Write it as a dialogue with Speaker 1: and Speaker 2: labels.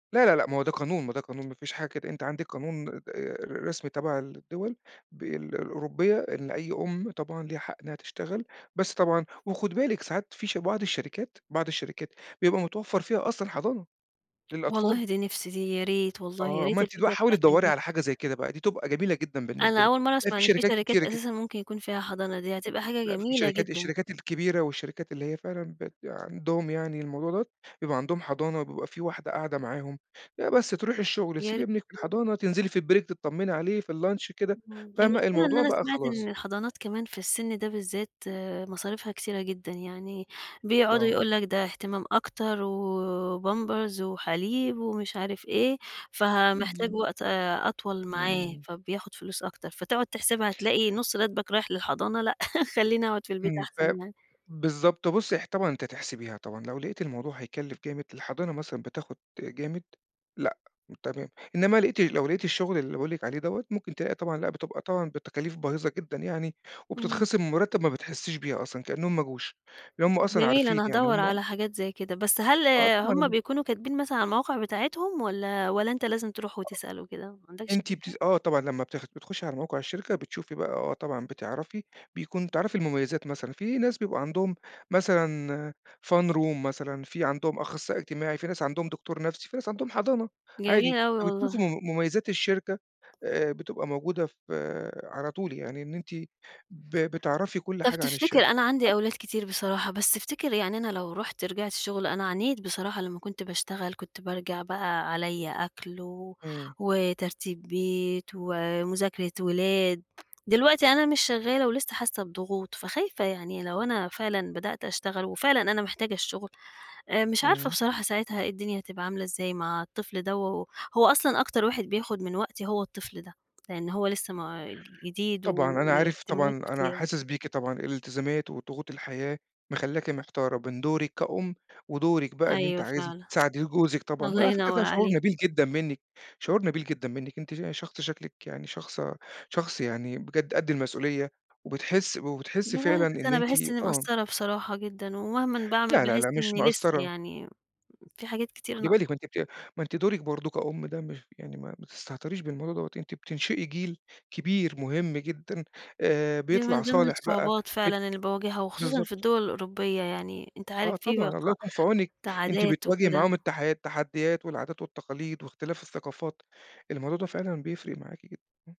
Speaker 1: لا، لا، لأ، ما هو ده قانون، ما ده قانون ما فيش حاجة كده، أنتِ عندِك قانون د ر رسمي تبع الدول بال الأوروبية إن أي أُم طبعًا ليها حق إنّها تشتغل، بس طبعًا وخُدي بالِك ساعات في ش بعض الشركات بعض الشركات بيبقى متوفّر فيها أصلًا حضانة للأطفال.
Speaker 2: والله دي نفسي، دي يا ريت والله يا
Speaker 1: آه. ما
Speaker 2: ريت
Speaker 1: أنتِ دوا
Speaker 2: الفكرة
Speaker 1: حاولي
Speaker 2: بتاعتك
Speaker 1: تدوّري
Speaker 2: دي
Speaker 1: على حاجة زي كده بقى، دي تبقى جميلة جدًا بالنسبة
Speaker 2: أنا
Speaker 1: لِك،
Speaker 2: أول مرّة
Speaker 1: لإن
Speaker 2: أسمع
Speaker 1: في
Speaker 2: إن في
Speaker 1: شركات
Speaker 2: شركات
Speaker 1: كتيرة كده.
Speaker 2: أساسًا ممكن يكون فيها حضانة، دي هتبقى حاجة
Speaker 1: لأ في
Speaker 2: جميلة
Speaker 1: شركات
Speaker 2: جدًا.
Speaker 1: الشركات الكبيرة والشركات اللي هي فعلًا بيبقى عندهم يعني الموضوع دوّة، بيبقى عندهم حضانة وبيبقى في واحدة قاعدة معاهم. آآ بس تروحي الشُغل
Speaker 2: يا ري
Speaker 1: تسيبي ابنِك في
Speaker 2: والله.
Speaker 1: الحضانة، تنزلي في البريك تطّمّني عليه في الlunch كده،
Speaker 2: اهم،
Speaker 1: فاهمة؟
Speaker 2: المشكلة إن
Speaker 1: الموضوع
Speaker 2: أنا
Speaker 1: بقى
Speaker 2: سمعت إن
Speaker 1: خلاص.
Speaker 2: الحضانات كمان في السِن ده بالذات مصاريفها كتيرة جدًا. يعني بيقعدوا
Speaker 1: آه.
Speaker 2: يقول لك ده إهتمام أكتر وبامبرز وحليب ومش عارف إيه، فه
Speaker 1: إمم
Speaker 2: محتاج
Speaker 1: بالظبط.
Speaker 2: وقت أ أطول معاه،
Speaker 1: إمم.
Speaker 2: فبياخُد فلوس أكتر. فتقعد تحسبها تلاقي نُص راتبك رايح للحضانة لأ، خلّيني أقعد في البيت
Speaker 1: إمم فاه
Speaker 2: أحسن يعني.
Speaker 1: بالضبط. بُصّي، اح طبعًا أنتِ هتحسبيها طبعًا، لو لقيتِ الموضوع هيكَلّف جامد الحضانة مثلًا بتاخُد جامد لأ، تمام. إنّما لقيتِ لو لقيتِ الشُغل اللي باقول لِك عليه دوّة، ممكن تلاقي طبعًا لأ بتبقى طبعًا بتكاليف باهظة جدًا يعني
Speaker 2: اهم.
Speaker 1: وبتتخصم من المُرتّب ما بتحسّيش بيها أصلًا، كإنّهم ما جوش. لإن هم أصلًا
Speaker 2: جميل.
Speaker 1: عارفين
Speaker 2: أنا
Speaker 1: يعني،
Speaker 2: هادَوّر
Speaker 1: هم
Speaker 2: على حاجات زي كده، بس هل
Speaker 1: آه طبعًا،
Speaker 2: هم
Speaker 1: [unintelligible]
Speaker 2: بيكونوا كاتبين مثلًا على المواقع بتاعتهم والّا والّا أنت لازم تروح وتسأل و كده؟ ما
Speaker 1: آه.
Speaker 2: عندكش
Speaker 1: أنتِ
Speaker 2: فكرة؟
Speaker 1: بتس آه طبعًا. لمّا بتاخ بتخُشي على موقع الشركة، بتشوفي بقى آه طبعًا، بتعرفي، بيكون تعرفي المميزات مثلًا. في ناس بيبقوا عندهم مثلًا fun room مثلًا، في عندهم أخصائي اجتماعي، في ناس عندهم دكتور نفسي، في ناس عندهم حضانة
Speaker 2: جميل
Speaker 1: عادي،
Speaker 2: أوي
Speaker 1: فبتشوفي
Speaker 2: والله.
Speaker 1: مم مميزات الشركة آآ بتبقى موجودة ف على طول، يعني إن أنتِ ب بتعرفي كل
Speaker 2: طب
Speaker 1: حاجة عن
Speaker 2: تفتكر
Speaker 1: الشركة،
Speaker 2: أنا عندي
Speaker 1: حت
Speaker 2: أولاد كتير بصراحة، بس افتكر يعني أنا لو رُحت رجعت شُغل، أنا عانيت بصراحة لمّا كنت باشتغل، كنت بارجع بقى عليّا أكل و
Speaker 1: إمم.
Speaker 2: وترتيب بيت ومُذاكرة ولاد. دلوقتي أنا مش شغّالة ولسّه حاسّة بضغوط، فخايفة يعني لو أنا فعلًا بدأت أشتغل وفعلًا أنا محتاجة الشُغل آآ مش عارفة
Speaker 1: إمم.
Speaker 2: بصراحة ساعتها إيه الدنيا هتبقى عاملة إزاي مع الطفل دوّة، هو أصلًا أكتر واحد بياخُد من وقتي هو الطفل ده، لإن هو لسّه ما -جديد و
Speaker 1: طبعًا. أنا عارف طبعًا،
Speaker 2: واهتماماته
Speaker 1: أنا
Speaker 2: كتيرة.
Speaker 1: حاسِس بيكِ طبعًا، الالتزامات وضغوط الحياة مخلّاكِ محتارة من دورِك كأُم ودورِك بقى إن أنتِ
Speaker 2: أيوه
Speaker 1: عايزة
Speaker 2: فعلًا.
Speaker 1: تساعدي جوزِك طبعًا
Speaker 2: الله
Speaker 1: وعلى فكرة ده
Speaker 2: ينور
Speaker 1: شعور
Speaker 2: عليك.
Speaker 1: نبيل جدًا منِّك، شعور نبيل جدًا منِّك أنتِ ش شخص شكلِك يعني شخصة شخص يعني بجد قد المسؤولية وبتحسّ وبتحسّي فعلًا
Speaker 2: بس
Speaker 1: إن
Speaker 2: أنا
Speaker 1: أنتِ
Speaker 2: باحِس إنّي
Speaker 1: آه.
Speaker 2: مقصّرة بصراحة جدًا ومهمًا باعمل
Speaker 1: لا، لا،
Speaker 2: باحس
Speaker 1: لا مش
Speaker 2: إنّي لسّه
Speaker 1: مقَصّرة.
Speaker 2: يعني في حاجات كتير
Speaker 1: خُدي بالِك ما
Speaker 2: ناقصا
Speaker 1: أنتِ بت ما أنتِ دورِك برضه كأُم ده مش يعني ما ما تستهتريش بالموضوع دوّة، أنتِ بتنشئي جيل كبير مهم جدًا آآ
Speaker 2: دي
Speaker 1: بيطلع
Speaker 2: من ضمن
Speaker 1: صالح بقى،
Speaker 2: الصعوبات
Speaker 1: بت
Speaker 2: فعلًا اللي باواجهها وخصوصًا في
Speaker 1: بالضبط.
Speaker 2: الدول الأوروبية يعني أنت
Speaker 1: آه
Speaker 2: عارف في بقى
Speaker 1: طبعًا، الله
Speaker 2: ق
Speaker 1: يكون في عونِك.
Speaker 2: ت
Speaker 1: أنتِ
Speaker 2: عادات
Speaker 1: بتواجهي معاهم
Speaker 2: وكده.
Speaker 1: التحي التحديات والعادات والتقاليد واختلاف الثقافات، الموضوع ده فعلًا بيفرق معاكِ جدًا. إمم.